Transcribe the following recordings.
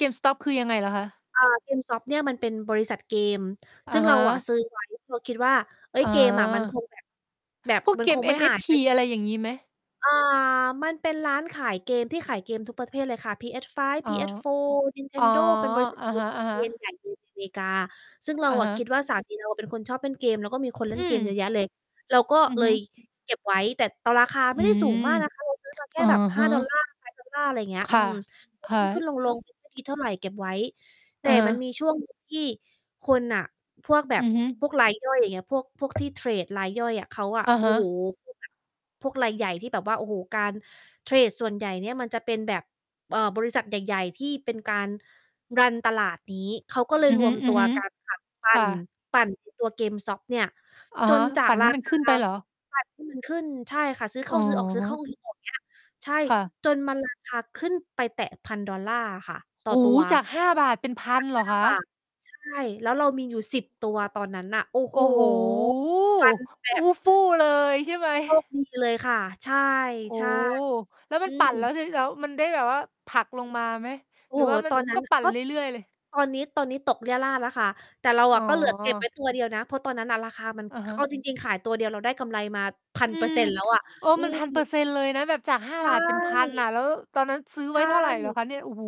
GameStop คือยังไงเหรอคะ? อา GameStop เนี่ยมันเป็นบริษัทเกม อซะึ่ง ฮเราอะ ะ ซื้อไว้ เพราะคิดว่า เอ๊อย ๋เกมอะมัน คอ งแบบ แบบพวกมันเกคม งไม่หาย NFT ไป อะไรอย่างงี้ไหม? อ่า มันเป็นร้านขายเกมที่ขายเกมทุกประเภทเลยค่ะ PS5, อ๋อ PS4 อ๋อ Nintendo เป็น บริษัทอะเกฮมะ เป็น เชน ๆ ใหญ่ใน อเมริกา ซึ่งเราอะอฮะคะ ิดว่า สามี เรา เป็นคนชอบเล่นเกม แล้วก็มีคน เลอ่ืนเกมเยม อะแยะเลย เราก็อือเลฮึ ยเก็บไว้ แต่ตอราคาอไมื่ได้สูม ง มาก นะคะ เราซื้อมาแค่ อะแบบ หฮ้าะ ดอลลาร์ $5 อะไรอย่างเงี้คย อื่ะ ม ก็ ค่ะ ขึ้น ๆ ลง ๆ ยัอ งไม่ดี เท่าไรเก็บไว้ แตอ่ะฮมันะ มีช่วง หนึ่ง ที่คน อะ พวกแบอืบ อฮึ พวกรายย่อย อย่างเงี้ย พวก พวกที่ เทรดรายย่อยอะ เขาอะอะโมฮโห ะ พวกแบบ พวกรายใหญ่ที่แบบว่า โอ้โฮ การเทรดส่วนใหญ่เนี่ยมันจะเป็นแบบ เอ่อ บริษัทใหญ่ ๆ ที่เป็นการ รัน ตลาดนี้ เขาก็เลอืยอรวมตัว ฮึ กันค่ะ ปๆ ัค่่น ะ ปั่น ไอ้ ตัว GameStop เนี่ย อะจฮนะ จาปก ั่นใรห้ามันคขา ึ้นไปเหรอ? ปั่นให้ มันขึ้น ใช่ค่ะ ซื้อเอข้ะาซื้อออก ซื้อฮเข้า ะ ซื้อออก เงี้ย ใช่ ค่ะ จนมัน ราคา ขึ้นไปแตะ $1,000 ค่ะ ตโ่ออ้ตัโฮ! ว จาก ฿5 เป็น 1,000 เหรจอาก ห้คาะ? บาท ใช่ แล้วเรามีอยู่ 10 ตัวตอนนั้นน่ะ โอ้โโอฮ! ้โฮ! ฟันแบอูบ ้ฟู่เลย ใช่ไหม โชคดี เลยค่ะ ใช่ โอ้ ใช่ แล้วมอัืนปั่นแล้ว ม ที่ ล แล้ว มันได้แบบว่าผลักลงมาไหม โอห้รือโวฮ ่ามันตอน นั้กน็น่ะ ปั่นก็เรื่อย ๆ เลย? ตอนนี้ ตอนนี้ตกเรี่ยราดแล้วค่ะ แต่เราออ๋ะก็เหลือ เก็บไวอ ้ ตัวเดียวนะ เพราะตอนนั้นน่ะราคามัน อะค ฮเอะ าจริง ๆ ขายตัวเดียวเราได้กำไรมา พัอืนเปอร์ม เซ็นต์ แล้วอะ เออ อืมัน ม 1,000% เลยนะ แบบจาก ห้าใชบาท เป็น 1,000 ่ อะ แล้วตอนนั้นซื้อใชไว้เท่าไรเหรอ่ คะเนี่ย? โอ้โฮ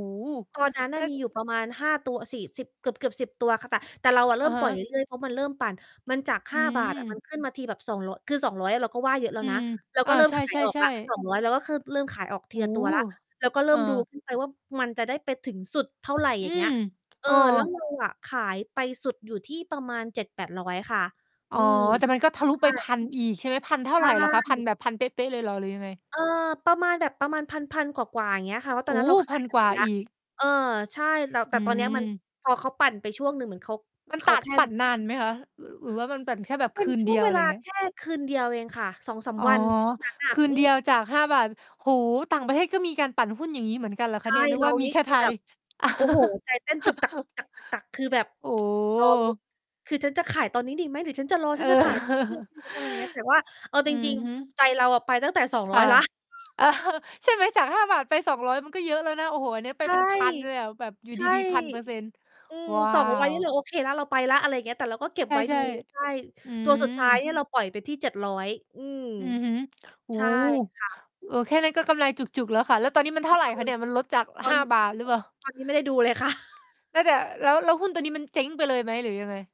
ตอนนั้นน่ะ มีอยู่ล ประมาณ 5 ตัว สิ 10 เกือบ ๆ 10 ตัวค่ะ แต่ แต่เราเอริ่ะมฮปล่อยะ เรื่อย ๆ เพราะมันเริ่มปั่น มันจาก หอื้าบาท อะ มม ันขึ้นมาทีแบบ 200 คือ 200 เราก็ว่าเยอะแล้อวืนะ ม เราอก็า เริ่ใม ขายออกช่ ละ ๆ สๆ องร้อย แล้วก็เคิ่ม เริ่มขายออกทโีอ้ละโตัวแล้ว ฮ เราก็เริเ่อมดูอ ขึ้นไปว่ามันจะได้ไปถึงสุดเท่าไร ออยื่างเงี้ย ม เอเอ ออ แล้วเราอะ ขายไปสุดอยู่ที่ประมาณ 700-800 ค่ะ ออ๋อ ืม แต่มันก็ทะลุใชไป ่ 1,000 อีก ใช่ไหม 1,000 เท่ใาชไรเหรอคะ? 1,000 ่ แบบ 1,000 เป๊ะ ๆ เลยหรอหรือยังไง? เออ ประมาณแบบประมาณพัน ๆ กว่า ๆ อย่างเงี้ยค่ะ เพราะตโออน้ นั้น เราขพาัยน ไปกวหม่าดแล้ว อีก เออ ใช่ แต่ อแตื่ตอนเนี้ยมัน ม พอเขาปั่นไปช่วงหนึ่งเหมือนเขา มันเขตัาด แค่ ปั่นนานไหมคะ? ร หรือว่ามันปั่นแค่แบบเปค็นืนชเด่วีงยว เวอะไรลอยา่างเงี้ย แค่ คืนเดียวเองค่ะ 2-3 อ๋อ วัน ช่วงนั้นอคะ ือนืเดีม ยวจาก ฿5 โอ้โฮ! ต่างประเทศก็มีการปั่นหุ้นอย่างงี้เหมือนกันเหรอคใชะ่ เนี่ย? นึกเราว่ามนีี่แค่คืไอทแบย บ โอ้โฮ ใจเต้น ตึกตัก ๆ ๆ คือแบบ โอรอลุ้น ้ คือ "ฉันจะขายตอนนี้ดีไหม? หรือฉันจะรอ เอฉอ ัน จะขายตอนนี้เลยไหม? หรือฉันจะ" อย่างเงี้ย แต่ว่า เอาอจืรอิง ฮึ ๆ ใจเราอะไปตั้งแต่ สองคร้อ่ย ะ แล้ว ใช่ไหม จาก ฿5 ไป 200 มันก็เยอะแล้วนะ โอ้โฮ อันนี้ไปใช่ เป็น 1,000 เลยอะแบบอยู่ใช่ ดี ๆ 1,000% อืม ว้า200 ว นี่เรา โอเคแล้ว เราไปแล้ว อะไรอย่างเงี้ย แต่เราก็เก็ใบชไว้ ดู ่ ใช่ ๆ อืตัวสุดท้ายม เนี่ย เราปล่อยไปที่ 700 อืม อือฮึ โอ้ ใช่ค่ะ เออ แค่นั้นก็กำไรจุก ๆ แล้วค่ะ แล้วตอนนี้มันเอท่ืม าไหร่คะเนี่ย? มันลดจาก ตอห้น าบาท หรืต อเปล่า? ตอน นี้ไม่ได้ดูเลยค่ะ น่าจะ แล้ว แล้วหุ้นตัวนี้มันเจ๊งไปเลยไหมหรือยังไง?